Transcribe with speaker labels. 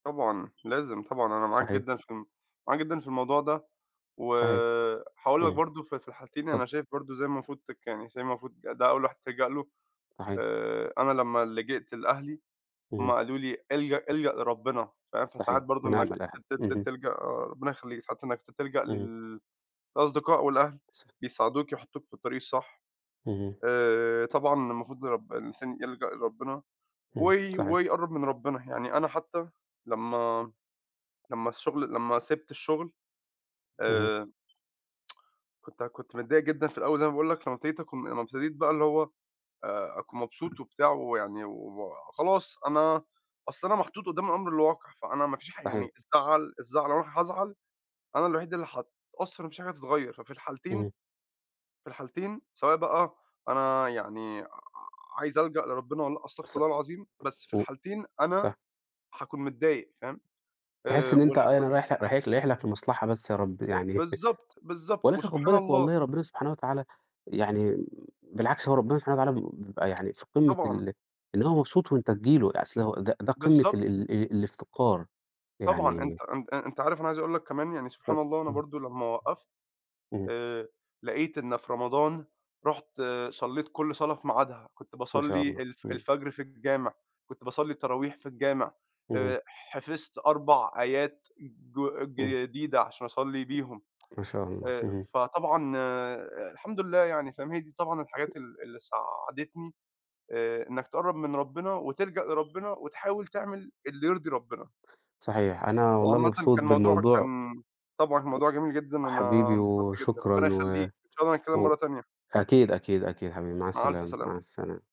Speaker 1: طبعًا. لازم طبعًا، أنا معاك
Speaker 2: صحيح.
Speaker 1: جدًا في ال معاك جدًا في الموضوع ده، و
Speaker 2: صحيح.
Speaker 1: هاقول لك
Speaker 2: إمم.
Speaker 1: برضه في في الحالتين أنا
Speaker 2: اتفضّل.
Speaker 1: شايف برضه إزاي المفروض تك يعني إزاي المفروض ده أول واحد تلجأ له.
Speaker 2: صحيح.
Speaker 1: آآ أنا لمّا لجأت لأهلي، هم
Speaker 2: إمم.
Speaker 1: قالوا لي: "الجَأ الجَأ لربِّنا." فاهم، فساعات
Speaker 2: صحيح.
Speaker 1: برضه
Speaker 2: وِنِعم
Speaker 1: إنّك
Speaker 2: الأهل.
Speaker 1: ت ت ت
Speaker 2: اهم.
Speaker 1: تلجَأ آآ ربِّنا يخلّيك. ساعات إنّك ت تلجَأ
Speaker 2: اهم.
Speaker 1: لل الأصدقاء والأهل
Speaker 2: ص
Speaker 1: بيساعدوك يحُطّوك في الطريق الصح.
Speaker 2: اهم.
Speaker 1: آآ طبعًا المفروض رب الإنسان يلجَأ لربِّنا
Speaker 2: إمم،
Speaker 1: وي
Speaker 2: صحيح.
Speaker 1: ويقرَّب من ربِّنا. يعني أنا حتّى لمّا لمّا الشُغل لمّا سِبت الشُغل،
Speaker 2: اهم.
Speaker 1: آآ كنت كنت متضايق جدًا في الأول زي ما باقول لك، لمّا ابتديت أكم لمّا ابتديت بقى اللي هو آآ أكون مبسوط وبتاع ويعني و خلاص أنا أصل أنا محطوط قُدّام الأمر الواقع، فأنا مفيش حا
Speaker 2: صحيح.
Speaker 1: يعني الزعل الزعل لو أنا هازعل، أنا الوحيد اللي هاتأثّر ومفيش حاجة هتتغيّر، ففي الحالتين
Speaker 2: إمم.
Speaker 1: في الحالتين سواء بقى أنا يعني ع عايز ألجَأ لربِّنا والّا لأ، أستغفر
Speaker 2: ص
Speaker 1: الله العظيم، بس في
Speaker 2: و
Speaker 1: الحالتين أنا
Speaker 2: صح.
Speaker 1: هاكون متضايق فاهم.
Speaker 2: تحِس
Speaker 1: آآ
Speaker 2: إن أنت
Speaker 1: والح
Speaker 2: أَي
Speaker 1: وال
Speaker 2: أنا رايح ل رايح لك رايح لك لمصلحة بس يا رب يعني
Speaker 1: بالضبط، بالضبط،
Speaker 2: ولكن خُد
Speaker 1: وسبحان
Speaker 2: بالك
Speaker 1: الله.
Speaker 2: والله ربِّنا سبحانه وتعالى يعني بالعكس هو ربِّنا سبحانه وتعالى ب بيبقى يعني في قِمّة
Speaker 1: طبعًا.
Speaker 2: ال إن هو مبسوط وأنت تيجي له، أصل هو ده ده قِمّة ال
Speaker 1: بالضبط.
Speaker 2: ال الافتقار.
Speaker 1: طبعًا.
Speaker 2: يعني
Speaker 1: أنت أنت آآ أنت عارف أنا عايز أقول لك كمان يعني
Speaker 2: ف
Speaker 1: سبحان الله أنا
Speaker 2: إمم.
Speaker 1: برضه لمّا وقّفت،
Speaker 2: إمم.
Speaker 1: آآ لقيت إن في رمضان رُحت صلّيت كل صلاة في ميعادها. كنت
Speaker 2: ما شاء
Speaker 1: باصلّي
Speaker 2: الله.
Speaker 1: الف
Speaker 2: إمم.
Speaker 1: الفجر في الجامع، كنت باصلّي التراويح في الجامع،
Speaker 2: اهم.
Speaker 1: آآ حفظت 4 آيات ج
Speaker 2: إمم.
Speaker 1: جديدة عشان أصلّي بيهم.
Speaker 2: ما شاء الله.
Speaker 1: آآ
Speaker 2: اهم.
Speaker 1: فطبعًا الحمد لله يعني فاهم، هي دي طبعًا الحاجات ال اللي ساعدتني آآ إنّك تقرّب من ربِّنا وتلجَأ لربِّنا وتحاول تعمل اللي يرضي ربِّنا.
Speaker 2: صحيح. أنا والله
Speaker 1: وعامةً
Speaker 2: مبسوط
Speaker 1: كان موضوعك
Speaker 2: بالموضوع
Speaker 1: كان طبعًا
Speaker 2: و
Speaker 1: موضوع جميل جدًا، أنا
Speaker 2: حبيبي
Speaker 1: انبسطت جدًا،
Speaker 2: وشكرًا
Speaker 1: ربِّنا
Speaker 2: و
Speaker 1: يخلّيك، إن شاء الله نتكلّم
Speaker 2: و
Speaker 1: مرّة تانية.
Speaker 2: أكيد، أكيد، أكيد حبيبي، مع
Speaker 1: مع ألْف
Speaker 2: السلامة،
Speaker 1: سلامة.
Speaker 2: مع السلامة.